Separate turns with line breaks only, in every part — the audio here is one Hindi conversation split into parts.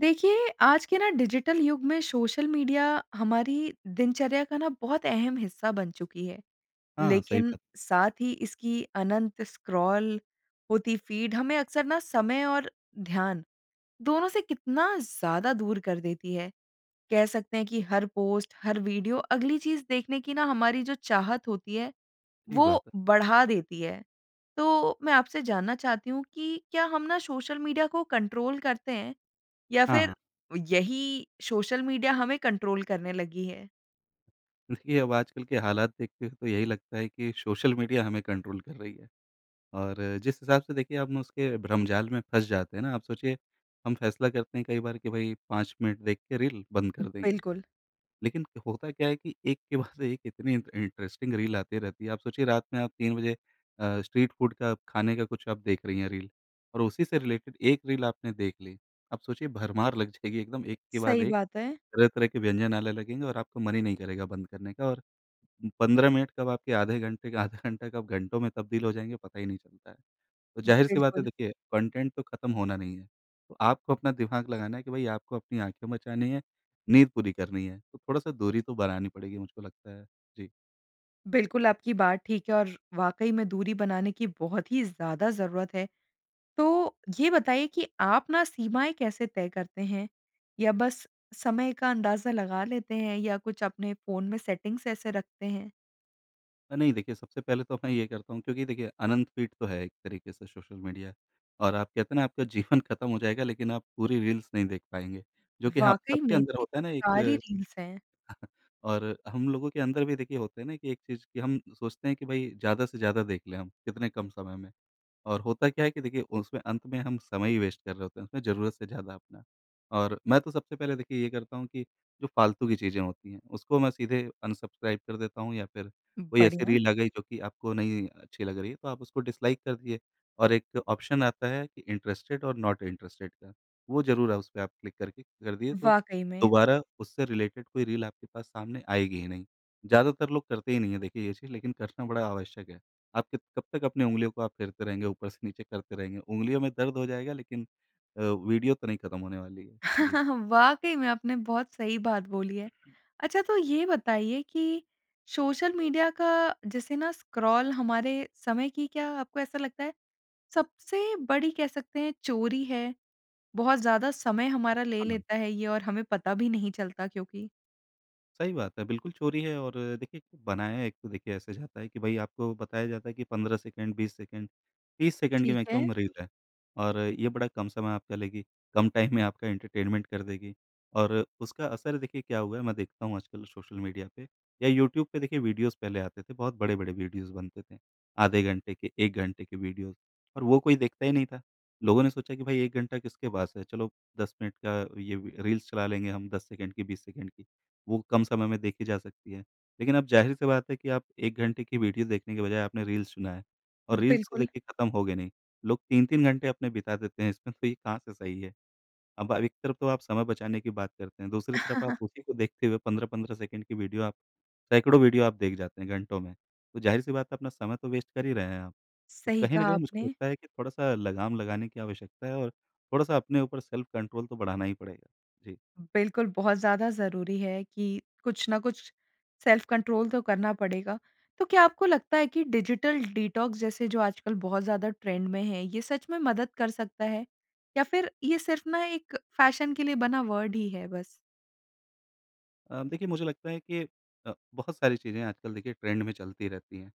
देखिए, आज के ना डिजिटल युग में सोशल मीडिया हमारी दिनचर्या का ना बहुत अहम हिस्सा बन चुकी है।
हाँ सही
लेकिन
बात।
साथ ही इसकी अनंत स्क्रॉल होती फीड हमें अक्सर ना समय और ध्यान दोनों से कितना ज़्यादा दूर कर देती है। कह सकते हैं कि हर पोस्ट हर वीडियो अगली चीज़ देखने कि ना हमारी जो चाहत होती है
सही
वो
बात है।
बढ़ा देती है। तो मैं आपसे जानना चाहती हूँ कि क्या हम ना सोशल मीडिया को कंट्रोल करते हैं? या
हाँ, हाँ।
फ़िर यही सोशल मीडिया हमें कंट्रोल करने लगी है?
देखिए, अब आजकल के हालात देख के तो यही लगता है कि सोशल मीडिया हमें कंट्रोल कर रही है और जिस हिसाब से देखिए हम उसके भ्रमजाल में फँस जाते हैं ना। आप सोचिए हम फ़ैसला करते हैं कई बार कि भाई 5 मिनट देख के रील बंद कर देंगे।
बिल्कुल।
लेकिन होता क्या है कि एक के बाद एक इतनी इंट इंटरेस्टिंग रील आते रहती है। आप सोचिए रात में आप 3 बजे अ, स्ट्रीट फूड का खाने का कुछ आप देख रही हैं रील और उसी से रिलेटेड 1 रील आपने देख ली अब सोचिए भरमार लग जाएगी एकदम एक के बाद
सही
एक
बात है।
तरह-तरह के व्यंजन आने लगेंगे और आपको मन ही नहीं करेगा बंद करने का और 15 मिनट कब आपके आधे घंटे का आधा घंटा कब घंटों में तब्दील हो जाएँगे पता ही नहीं चलता है। तो ज़ाहिर-सी बात है
बिल्कुल।
देखिए कंटेंट तो खत्म होना नहीं है। तो आपको अपना दिमाग लगाना है कि भई आपको अपनी आँखें बचानी है, नींद पूरी करनी है तो थोड़ा-सा दूरी तो बनानी पड़ेगी मुझको लगता है। जी।
बिलकुल आपकी बात ठीक है और वाक़ई में दूरी बनाने की बहुत ही ज़्यादा ज़रूरत है। तो ये बताइए कि आप न सीमाएँ कैसे तय करते हैं या बस समय का अंदाज़ा लगा लेते हैं या कुछ अपने फ़ोन में सेटिंग्स ऐसे रखते हैं?
अ, नहीं देखिए सबसे पहले तो अब मैं ये करता हूँ क्योंकि देखिए अनंत फ़ीड तो है एक तरीके से सोशल मीडिया। और आप कहते हैं न आपका जीवन खत्म हो जाएगा लेकिन आप पूरी रील्स नहीं देख पाएँगे। जो कि हाँ,
वाक़ई
सबके
में
अंदर
इतनी
होता है न एक
सारी रील्स हैं।
और हम लोगों के अंदर भी देखिए होता है न कि एक चीज़ कि हम सोचते हैं कि भई ज़्यादा से ज़्यादा देख लें हम कितने कम समय में। और होता क्या है कि देखिए उसमें अंत में हम समय ही वेस्ट कर रहे होते हैं उसमें, ज़रूरत से ज़्यादा अपना। और मैं तो सबसे पहले देखिए ये करता हूँ कि जो फ़ालतू की चीज़ें होती हैं उसको मैं सीधे अनसब्सक्राइब कर देता हूँ या फिर कोई ऐसी
बढ़िया।
रील आ गई जो कि आपको नहीं अच्छी लग रही है तो आप उसको डिसलाइक कर दिए। और एक ऑप्शन आता है कि इंटरेस्टेड ओर नॉट इंटरेस्टेड का, वो ज़रूर है उसपे आप क्लिक करके कर दिए तो
वाक़ई में।
दोबारा उससे रिलेटेड कोई रील आपके पास सामने आएगी ही नहीं। ज़्यादातर लोग करते ही नहीं हैं देखिए ये चीज़ लेकिन करना बड़ा आवश्यक है। आप कि कब तक अपनी उंगलियों को आप फेरते रहेंगे ऊपर से नीचे करते रहेंगे। उँगलियों में दर्द हो जाएगा लेकिन अ, वीडियो तो नहीं खत्म होने वाली है। जी।
वाक़ई में आपने बहुत सही बात बोली है। अच्छा तो ये बताइए कि सोशल मीडिया का जैसे न स्क्रॉल हमारे समय की क्या आपको ऐसा लगता है सबसे बड़ी कह सकते हैं चोरी है? बहुत ज़्यादा समय हमारा ले
हाँ।
लेता है ये और हमें पता भी नहीं चलता क्योंकि।
सही बात है, बिल्कुल चोरी है और देखिए, बनाया है एक तो देखिए ऐसे जाता है कि भाई आपको बताया जाता है कि 15 सेकंड, 20 सेकंड, 30 सेकंड की
ठीक है।
मैक्सिमम रील है। और ये बड़ा कम समय आपका लेगी, कम टाइम में आपका एंटरटेनमेंट कर देगी। और उसका असर देखिए क्या हुआ है मैं देखता हूँ आजकल सोशल मीडिया पे या यूट्यूब पे देखिए वीडियोज़ पहले आते थे, बहुत बड़े-बड़े वीडियोज़ बनते थे। आधे घंटे के, 1 घंटे के वीडियोज़ और वो कोई देखता ही नहीं था, लोगों ने सोचा कि भाई 1 घंटा किसके पास है, चलो 10 मिनट का ये रील्स चला लेंगे, हम 10 सेकंड की 20 सेकंड की, वो कम समय में देखी जा सकती है। लेकिन अब ज़ाहिर सी बात है कि आप 1 घंटे की वीडियो देखने की बजाय आपने रील्स चुना है, और रील्स तो
बिल्कुल।
देखिए ख़त्म होगे नहीं। लोग 3-3 घंटे अपने बिता देते हैं इसमें तो ये कहाँ से सही है? अब अ, एक तरफ़ तो आप समय बचाने की बात करते हैं, दूसरी तरफ़ आप उसी को देखते हुए 15-15 सेकंड की वीडियो आप सैकड़ों वीडियो आप देख जाते हैं घंटों में, तो ज़ाहिर सी बात है अपना समय तो वेस्ट कर ही रहे हैं आप। तो
सही
कहीं न
कहा
कहीं मुझको
आपने।
लगता है कि थोड़ा-सा लगाम लगाने की आवश्यकता है और थोड़ा-सा अपने ऊपर सेल्फ कंट्रोल तो बढ़ाना ही पड़ेगा। जी।
बिल्कुल, बहुत ज़्यादा ज़रूरी है कि, कुछ ना कुछ सेल्फ़ कंट्रोल तो करना पड़ेगा। तो क्या आपको लगता है कि डिजिटल डिटॉक्स जैसे जो आजकल बहुत ज़्यादा ट्रेंड में है, ये सच में मदद कर सकता है? या फिर ये सिर्फ़ ना एक फ़ैशन के लिए बना वर्ड ही है बस?
अ, देखिए, मुझे लगता है कि अ, बहुत सारी चीज़ें आजकल देखिए ट्रेंड में चलती रहती हैं।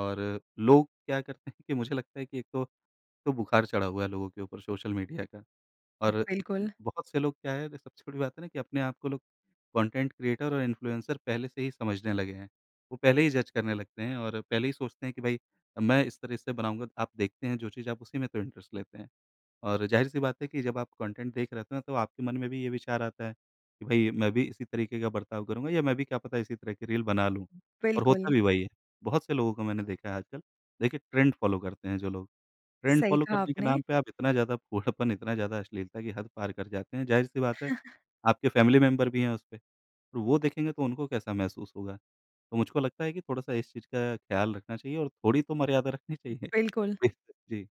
और लोग क्या करते हैं कि मुझे लगता है कि एक तो, तो बुखार चढ़ा हुआ है लोगों के ऊपर सोशल मीडिया का। और एक
बिल्कुल।
बहुत से लोग क्या है, ये सबसे बड़ी बात है ना कि अपने आपको को लोग कंटेंट क्रिएटर और इन्फ्लुएंसर पहले से ही समझने लगे हैं। वो पहले ही जज करने लगते हैं, और पहले ही सोचते हैं कि, "भई अ, मैं इस तरह से बनाऊँगा।" आप देखते हैं जो चीज़ आप उसी में तो इंटरेस्ट लेते हैं। और ज़ाहिर-सी बात है कि जब आप कंटेंट देख रहे थे न तो आपके मन में भी ये विचार आता है कि भई, मैं भी इसी तरीके का बर्ताव करूँगा, या मैं भी क्या पता इसी तरह की रील बना लूँ। और
बिल्कुल।
होता भी वही है, बहुत से लोगों को मैंने देखा है आजकल। देखिए ट्रेंड फॉलो करते हैं जो लोग, ट्रेंड
सही
फॉलो
कहा
करने के
आपने।
नाम पे आप इतना ज़्यादा फूहड़पन, इतना ज़्यादा अश्लीलता की हद पार कर जाते हैं। ज़ाहिर-सी बात है, आपके फैमिली मेंबर भी हैं उस पे, और वो देखेंगे तो उनको कैसा महसूस होगा। तो मुझको लगता है कि थोड़ा-सा इस चीज़ का ख्याल रखना चाहिए और थोड़ी तो मर्यादा रखनी चाहिए।
बिल्कुल।
बिल्कुल। जी।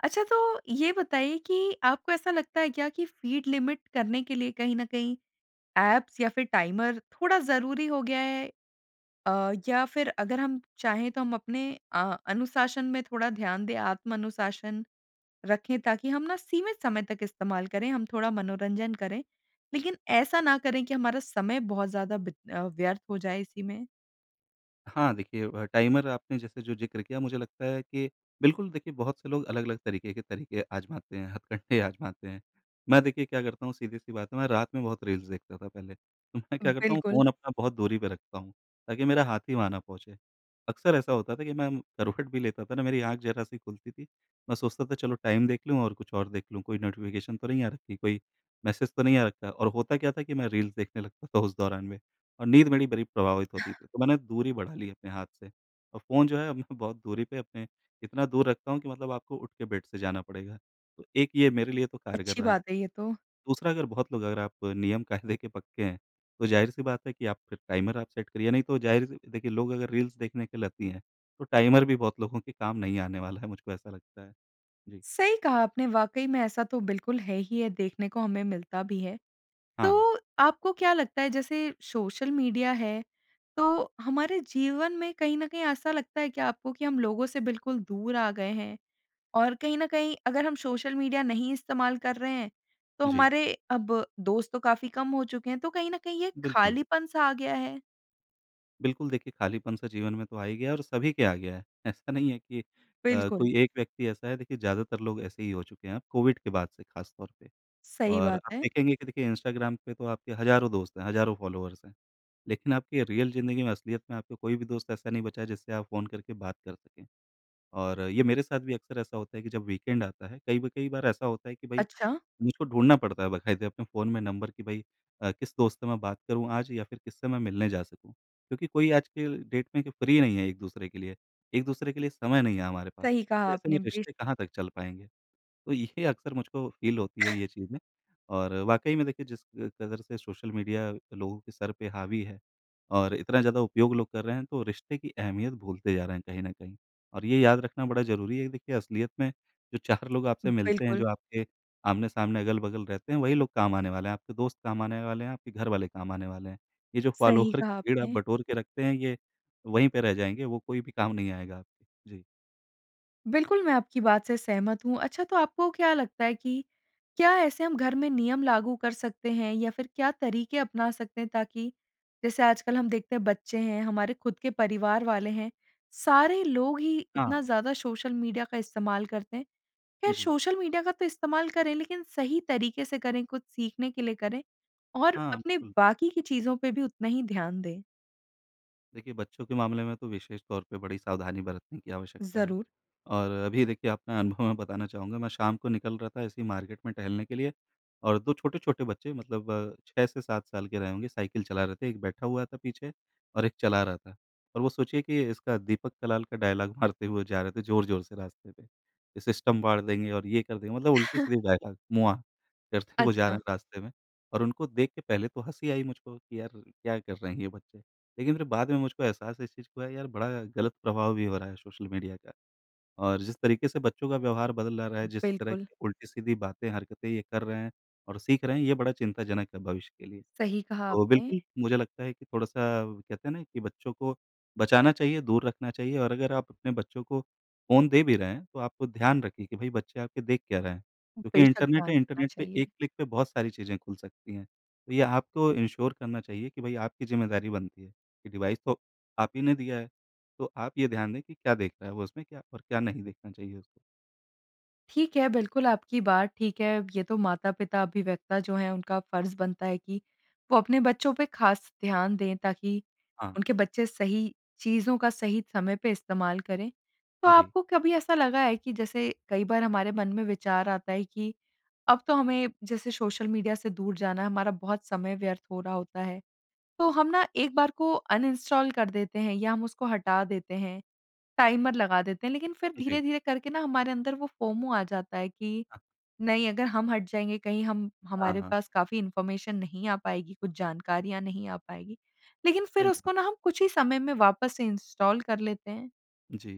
अच्छा, तो ये बताइए कि आपको ऐसा लगता है क्या कि फ़ीड लिमिट करने के लिए कहीं न कहीं ऐप्स या फिर टाइमर थोड़ा ज़रूरी हो गया है? अ, या फिर अगर हम चाहें तो हम अपने अ, अनुशासन में थोड़ा ध्यान दें, आत्म-अनुशासन रखें, ताकि हम ना सीमित समय तक इस्तेमाल करें, हम थोड़ा मनोरंजन करें, लेकिन ऐसा ना करें कि हमारा समय बहुत ज़्यादा बित अ, व्यर्थ हो जाए इसी में।
हाँ, देखिए, वह टाइमर आपने जैसे जो ज़िक्र किया, मुझे लगता है कि बिल्कुल, देखिए बहुत से लोग अलग-अलग तरीके के तरीके आज़माते हैं, हथकंडे आज़माते हैं। मैं देखिए क्या करता हूँ, सीधी-सी बात है, मैं रात में बहुत रील्स देखता था पहले, मैं क्या करता हूँ,
बिल्कुल।
फ़ोन अपना बहुत दूरी पे रखता हूँ ताकि मेरा हाथ ही वहाँ ना पहुँचे। अक्सर ऐसा होता था कि मैं म करवट भी लेता था ना, मेरी आँख ज़रा-सी खुलती थी, मैं सोचता था, चलो टाइम देख लूँ और कुछ और देख लूँ, कोई नोटिफिकेशन तो नहीं आ रखी, कोई मैसेज तो नहीं आ रखा। और होता क्या था कि मैं रील्स देखने लगता था उस दौरान में, और नींद मेरी बड़ी प्रभावित होती थी। तो मैंने दूरी बढ़ा ली अपने हाथ से, और फ़ोन जो है अब मैं बहुत दूरी पे अपने इतना दूर रखता हूँ कि मतलब आपको उठ के बेड से जाना पड़ेगा। तो एक ये मेरे लिए तो कारगर
अच्छी
रहा है।
बात है ये तो।
दूसरा, अगर बहुत लोग अगर आप नियम-कायदे के पक्के हैं, तो ज़ाहिर-सी बात है कि आप फिर टाइमर आप सेट करिए, नहीं तो ज़ाहिर-सी देखिए लोग अगर रील्स देखने के लती हैं, तो टाइमर भी बहुत लोगों के काम नहीं आने वाला है, मुझको ऐसा लगता है। जी।
सही कहा आपने, वाक़ई में, ऐसा तो बिल्कुल है ही है, देखने को हमें मिलता भी है।
हाँ।
तो आपको क्या लगता है जैसे सोशल मीडिया है, तो हमारे जीवन में कहीं न कहीं ऐसा लगता है क्या आपको कि हम लोगों से बिल्कुल दूर आ गए हैं? और कहीं न कहीं अगर हम सोशल मीडिया नहीं इस्तेमाल कर रहे हैं, तो
जी।
हमारे अब दोस्त तो काफ़ी कम हो चुके हैं, तो कहीं न कहीं ये एक
बिल्कुल।
ख़ालीपन-सा आ गया है?
बिल्कुल, देखिए, खालीपन-सा जीवन में तो आ ही गया है और सभी के आ गया है, ऐसा नहीं है कि अ,
बिल्कुल।
कोई एक व्यक्ति ऐसा है, देखिए, ज़्यादातर लोग ऐसे ही हो चुके हैं अब, कोविड के बाद से खासतौर पे।
सही
और
बात
आप
है।
देखेंगे कि देखिए, इंस्टाग्राम पे तो आपके हज़ारों दोस्त हैं, हज़ारों फ़ॉलोअर्स हैं, लेकिन आपकी रियल ज़िंदगी में, असलियत में आपके कोई भी दोस्त ऐसा नहीं बचा है, जिससे आप फ़ोन करके बात कर सकें। और ये मेरे साथ भी अक्सर ऐसा होता है कि जब वीकेंड आता है, कई ब कई बार ऐसा होता है कि भई,
अच्छा।
मुझको ढूँढना पड़ता है, बकायदे, अपने फ़ोन में नंबर कि, "भई अ, किस दोस्त से मैं बात करूँ आज या फिर किससे मैं मिलने जा सकूँ?" क्योंकि कोई आज के डेट में कि फ्री नहीं है एक-दूसरे के लिए, एक-दूसरे के लिए समय नहीं है हमारे पास।
सही कहा
तो ऐसे में
आपने। बि
रिश्ते कहाँ तक चल पाएँगे? तो ये अक्सर मुझको फ़ील होती है ये चीज़ें और वाक़ई में, देखिए, जिस क कदर से सोशल मीडिया लोगों के सर पे हावी है और इतना ज़्यादा उपयोग लोग कर रहे हैं, तो रिश्ते की अहमियत भूलते जा रहे हैं कहीं न कहीं और ये याद रखना बड़ा ज़रूरी है कि देखिए, असलियत में जो 4 लोग आपसे मिलते हैं,
बिल्कुल।
जो आपके आमने-सामने, अगल-बगल रहते हैं, वही लोग काम आने वाले हैं, आपके दोस्त काम आने वाले हैं, आपके घरवाले काम आने वाले हैं। ये जो
सही
फ़ॉलोअर की
कहा
भीड़ आप
आपने।
बटोर के रखते हैं, ये वहीं पे रह जाएँगे, वो कोई भी काम नहीं आएगा आपके। जी।
बिल्कुल, मैं आपकी बात से सहमत हूँ। अच्छा तो आपको क्या लगता है कि, क्या ऐसे हम घर में नियम लागू कर सकते हैं या फिर क्या तरीके अपना सकते हैं? ताकि जैसे आजकल हम देखते हैं बच्चे हैं, हमारे खुद के परिवार वाले हैं, सारे लोग ही इतना
हाँ।
ज़्यादा सोशल मीडिया का इस्तेमाल करते हैं। ख़ैर
जी।
सोशल मीडिया का तो इस्तेमाल करें लेकिन सही तरीके से करें, कुछ सीखने के लिए करें और
हाँ,
अपने
बिल्कुल।
बाकी की चीज़ों पे भी उतना ही ध्यान दें।
देखिए, बच्चों के मामले में तो विशेष तौर पे बड़ी सावधानी बरतने की आवश्यकता है।
ज़रूर।
और अभी देखिए अपना अनुभव मैं बताना चाहूँगा, मैं शाम को निकल रहा था ऐसे ही मार्केट में टहलने के लिए और 2 छोटे-छोटे बच्चे मतलब 6 से 7 साल के रहे होंगे, साइकिल चला रहे थे, एक बैठा हुआ था पीछे और एक चला रहा था। और वो सोचिए कि इसका दीपक कलाल का डायलॉग मारते हुए जा रहे थे ज़ोर-ज़ोर से रास्ते पे, कि सिस्टम फाड़ देंगे और ये कर देंगे, मतलब उल्टे-सीधे डायलॉग, मुआ करते हुए जा रहे
अच्छा।
हैं रास्ते में। और उनको देख के पहले तो हँसी आई मुझको कि यार क्या कर रहे हैं ये बच्चे? लेकिन फिर बाद में मुझको एहसास है इस चीज़ का हुआ यार, बड़ा गलत प्रभाव भी हो रहा है सोशल मीडिया का, और जिस तरीके से बच्चों का व्यवहार बदल आ रहा है, जिस तरह
बिल्कुल।
की उल्टी-सीधी बातें, हरकतें ये कर रहे हैं और सीख रहे हैं, ये बड़ा चिंताजनक है भविष्य के लिए।
सही कहा
तो
आपने।
बिल्कुल, मुझे लगता है कि थोड़ा-सा कहते हैं ना कि बच्चों को बचाना चाहिए, दूर रखना चाहिए और अगर आप अपने बच्चों को फ़ोन दे भी रहे हैं तो आपको ध्यान रखिए कि भई, बच्चे आपके देख क्या रहे हैं। क्योंकि
बेशक
इंटरनेट
ध्यान
है,
रखना
इंटरनेट पे
चाहिए।
एक क्लिक पे बहुत सारी चीज़ें खुल सकती हैं। तो ये आपको एंश्योर करना चाहिए कि भई आपकी ज़िम्मेदारी बनती है, ये डिवाइस तो आप ही ने दिया है। तो आप ये ध्यान दें कि क्या देख रहा है वो उसमें, क्या और क्या नहीं देखना चाहिए उसको।
ठीक है। बिल्कुल, आपकी बात ठीक है। ये तो माता-पिता, अभिव्यक्ता जो हैं उनका फर्ज़ बनता है कि वो अपने बच्चों पे ख़ास ध्यान दें ताकि
हाँ।
उनके बच्चे सही चीज़ों का सही समय पे इस्तेमाल करें। तो
जी।
आपको कभी ऐसा लगा है कि जैसे कई बार हमारे मन में विचार आता है कि, अब तो हमें जैसे सोशल मीडिया से दूर जाना है, हमारा बहुत समय व्यर्थ हो रहा होता है। तो हम ना एक बार को अनइंस्टॉल कर देते हैं या हम उसको हटा देते हैं, टाइमर लगा देते हैं। लेकिन फिर
जी।
धीरे-धीरे करके ना हमारे अंदर वो फोमो आ जाता है कि
हाँ।
नहीं अगर हम हट जाएँगे कहीं हम
हाँ,
हमारे
हाँ।
पास काफ़ी इन्फॉर्मेशन नहीं आ पाएगी, कुछ जानकारियाँ नहीं आ पाएगी, लेकिन फिर
सही
उसको ना हम कुछ ही समय में वापस से इंस्टॉल कर लेते हैं।
जी।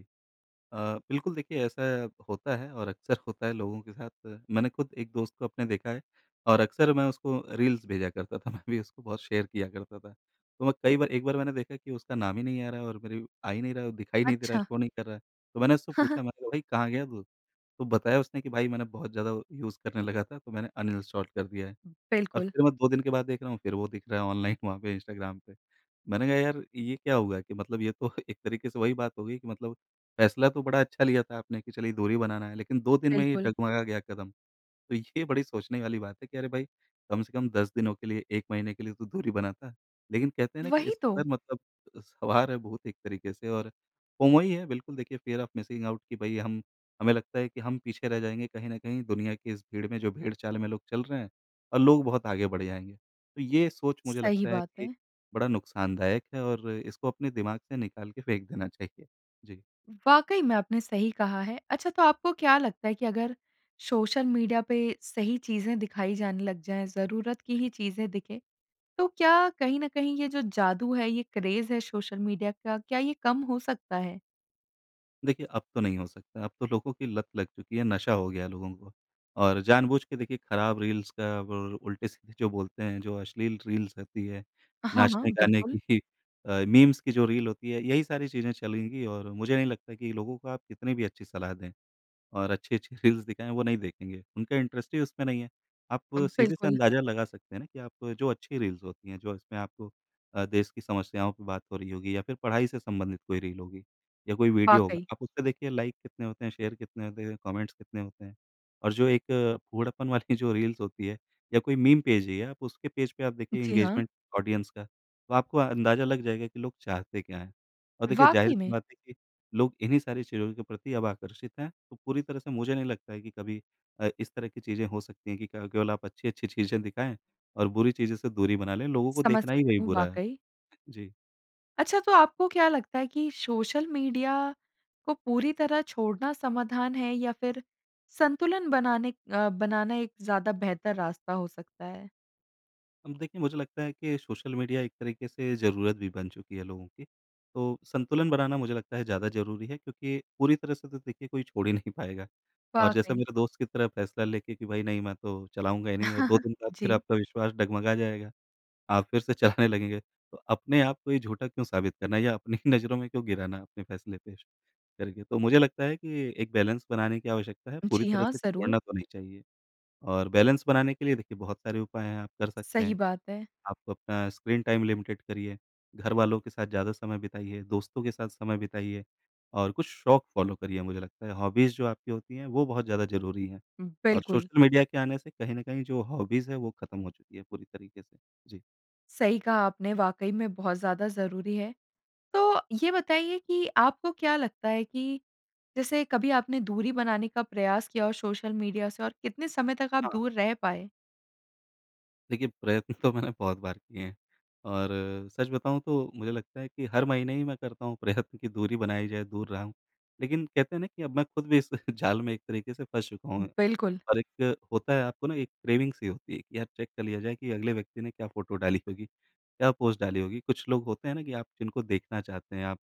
अ, बिल्कुल देखिए ऐसा होता है और अक्सर होता है लोगों के साथ, मैंने खुद एक दोस्त को अपने देखा है। और अक्सर मैं उसको रील्स भेजा करता था मैं भी उसको बहुत शेयर किया करता था। तो मैं कई बार एक बार मैंने देखा कि उसका नाम ही नहीं आ रहा है और मेरी आ ही नहीं रहा है दिखाई नहीं दे रहा है,
अच्छा।
शो नहीं कर रहा है। तो मैंने उससे पूछा मैंने कहा भई कहाँ गया तू? तो बताया उसने कि भाई मैंने बहुत ज़्यादा यूज़ करने लगा था, तो मैंने अनइंस्टॉल कर दिया है। और
बिल्कुल।
फिर मैं 2 दिन के बाद देख रहा हूँ फिर वो दिख रहा है ऑनलाइन वहाँ पे इंस्टाग्राम पे। मैंने कहा यार ये क्या हुआ कि मतलब ये तो एक तरीके से वही बात हो गई कि मतलब फैसला तो बड़ा अच्छा लिया था आपने कि चलिए दूरी बनाना है, लेकिन 2 दिन में ही
बिल्कुल।
डगमगा गया कदम? तो ये बड़ी सोचने वाली बात है कि अरे भाई, कम से कम 10 दिनों के लिए 1 महीने के लिए तो दूरी बनाता। लेकिन कहते हैं ना कि
वही
इस
तो।
पर मतलब, सवार है भूत एक तरीके से और फोमो ही है बिल्कुल, देखिए फियर ओफ मिसिंग आउट कि भई हम हमें लगता है कि हम पीछे रह जाएँगे कहीं न कहीं दुनिया की इस भीड़ में जो भेड़-चाल में लोग चल रहे हैं, और लोग बहुत आगे बढ़ जाएँगे। तो ये सोच मुझे
सही
लगता है
बात
कि
है।
बड़ा नुकसानदायक है और इसको अपने दिमाग से निकाल के फेंक देना चाहिए। जी।
वाक़ई में आपने सही कहा है। अच्छा तो आपको क्या लगता है कि अगर, सोशल मीडिया पे सही चीज़ें दिखाई जाने लग जाएँ, ज़रूरत की ही चीज़ें दिखें, तो क्या कहीं न कहीं ये जो जादू है, ये क्रेज है सोशल मीडिया का, क्या ये कम हो सकता है?
देखिए, अब तो नहीं हो सकता। अब तो लोगों की लत लग चुकी है नशा हो गया है लोगों को। और जानबूझ के देखिए खराब रील्स का वो उल्टे-सीधे जो बोलते हैं जो अश्लील रील्स रहती है,
हाँ, हाँ
नाचने गाने की
बिल्कुल।
अ, मीम्स की जो रील होती है यही सारी चीज़ें चलेंगी और मुझे नहीं लगता कि लोगों को आप कितनी भी अच्छी सलाह दें। और अच्छी-अच्छी रील्स दिखाएँ वो नहीं देखेंगे। उनका इंटरेस्ट ही उसमें नहीं है। आप
अ,
सीधे से
बिल्कुल।
अंदाज़ा लगा सकते हैं ना कि आप जो अच्छी रील्स होती हैं जो इसमें आपको अ, देश की समस्याओं की बात हो रही होगी या फिर पढ़ाई से संबंधित कोई रील होगी या कोई वीडियो होगा
वाक़ई।
आप उस पे देखिए लाइक कितने होते हैं? शेयर कितने होते हैं? कमेंट्स कितने होते हैं? और जो एक फूहड़पन वाली जो रील्स होती है या कोई मीम पेज ही है आप उसके पेज पे आप देखिए
जी हाँ।
इंगेजमेंट ऑडियंस का, तो आपको अंदाज़ा लग जाएगा कि लोग चाहते क्या हैं। और देखिए
वाक़ई
ज़ाहिर-सी
में!
बात है कि लोग इन्हीं सारी चीज़ों के प्रति अब आकर्षित हैं। तो पूरी तरह से मुझे नहीं लगता है कि कभी अ इस तरह की चीज़ें हो सकती हैं कि क केवल आप अच्छी-अच्छी चीज़ें दिखाएँ और बुरी चीज़ें से दूरी बना लें लोगों को
समझ
देखना ही वही
सकती हूँ
बुरा है। अ,
वाक़ई।
जी।
अच्छा तो आपको क्या लगता है कि सोशल मीडिया को पूरी तरह छोड़ना समाधान है या फिर संतुलन बनाने अ, बनाना एक ज़्यादा बेहतर रास्ता हो सकता है?
अब देखिए मुझे लगता है कि सोशल मीडिया एक तरीके से ज़रूरत भी बन चुकी है लोगों की। तो संतुलन बनाना मुझे लगता है ज़्यादा ज़रूरी है क्योंकि पूरी तरह से तो देखिए कोई छोड़ ही नहीं पाएगा, और जैसा
वाक़ई।
मेरा दोस्त की तरह फ़ैसला लेके कि भई, नहीं, मैं तो चलाऊँगा ही नहीं, और 2 दिन बाद फिर
जी।
आपका विश्वास डगमगा जाएगा, आप फिर से चलाने लगेंगे। तो अपने आप को ही झूठा क्यों साबित करना, या अपनी ही नज़रों में क्यों गिराना अपने फैसले पे श करके। तो मुझे लगता है कि एक बैलेंस बनाने की आवश्यकता है, पूरी
जी
तरह
हाँ,
से
ज़रूर।
छोड़ना तो नहीं चाहिए। और बैलेंस बनाने के लिए देखिए बहुत सारे उपाय हैं, आप कर सकते
सही
हैं।
बात है।
आप अपना स्क्रीन टाइम लिमिटेड करिए, घरवालों के साथ ज़्यादा समय बिताइए, दोस्तों के साथ समय बिताइए। और कुछ शौक फॉलो करिए, मुझे लगता है, हॉबीज़ जो आपकी होती हैं, वो बहुत ज़्यादा ज़रूरी हैं। और
बिल्कुल।
सोशल मीडिया के आने से कहीं न कहीं जो हॉबीज़ है, वो खत्म हो चुकी है पूरी तरीके से। जी।
सही कहा आपने, वाक़ई में बहुत ज़्यादा ज़रूरी है। तो ये बताइए कि आपको क्या लगता है कि जैसे कभी आपने दूरी बनाने का प्रयास किया हो सोशल मीडिया से और कितने समय तक आप
हाँ।
दूर रह पाए?
देखिए प्रयत्न तो मैंने बहुत बार किए हैं, और सच बताऊँ तो मुझे लगता है कि हर महीने ही मैं करता हूँ प्रयत्न कि दूरी बनाई जाए, दूर रहूँ। लेकिन कहते हैं ना कि अब मैं खुद भी इस जाल में एक तरीके से फँस चुका हूँ।
बिल्कुल।
और एक होता है आपको ना एक क्रेविंग-सी होती है कि यार, चेक कर लिया जाए कि अगले व्यक्ति ने क्या फोटो डाली होगी, क्या पोस्ट डाली होगी। कुछ लोग होते हैं ना कि आप जिनको देखना चाहते हैं, आप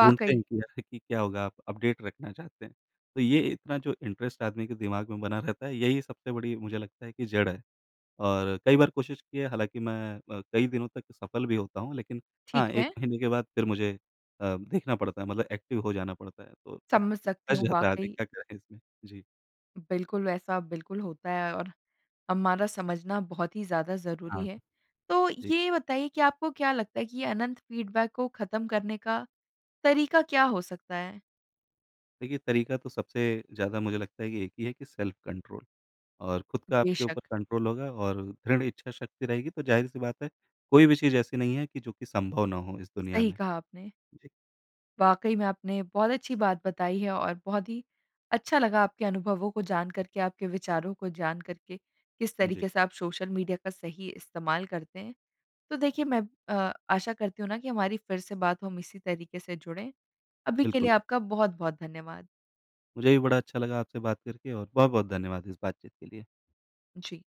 ढूँढते हैं कि अरे, कि क्या होगा, आप अपडेट रखना चाहते हैं। तो ये इतना जो इंटरेस्ट आदमी के दिमाग में बना रहता है, यही सबसे बड़ी मुझे लगता है कि जड़ है। और कई बार कोशिश की है, हालाँकि मैं अ, कई दिनों तक सफल भी होता हूँ, लेकिन हाँ,
ठीक
1
है।
महीने के बाद फिर मुझे अ, देखना पड़ता है, मतलब एक्टिव हो जाना पड़ता है। तो अब
समझ सकती
फँस
हूँ,
जाता है आदमी,
वाक़ई।
क्या करे इसमें? जी।
बिल्कुल, वैसा बिल्कुल होता है और हमारा समझना बहुत ही ज़्यादा
हाँ
ज़रूरी है। तो
जी।
ये बताइए कि आपको क्या लगता है कि ये अनंत फीडबैक को ख़त्म करने का तरीका क्या हो सकता है?
देखिए, तरीका तो सबसे ज़्यादा मुझे लगता है कि एक ही है कि सेल्फ कंट्रोल। और खुद का आपके ऊपर
बेशक।
कंट्रोल होगा और दृढ़ इच्छा शक्ति रहेगी, तो ज़ाहिर-सी बात है, कोई भी चीज़ ऐसी नहीं है कि जो कि संभव ना हो इस दुनिया
सही
में।
कहा आपने।
जी।
वाक़ई में, आपने बहुत अच्छी बात बताई है, और बहुत ही अच्छा लगा आपके अनुभवों को जान कर के, आपके विचारों को जान कर के, किस
जी।
तरीके से आप सोशल मीडिया का सही इस्तेमाल करते हैं। तो देखिए मैं अ, आशा करती हूँ ना कि हमारी फिर से बात हो, हम इसी तरीके से जुड़ें। अभी के लिए
बिल्कुल।
आपका बहुत-बहुत धन्यवाद।
मुझे भी बड़ा अच्छा लगा आपसे बात करके और बहुत-बहुत धन्यवाद इस बातचीत के लिए।
जी।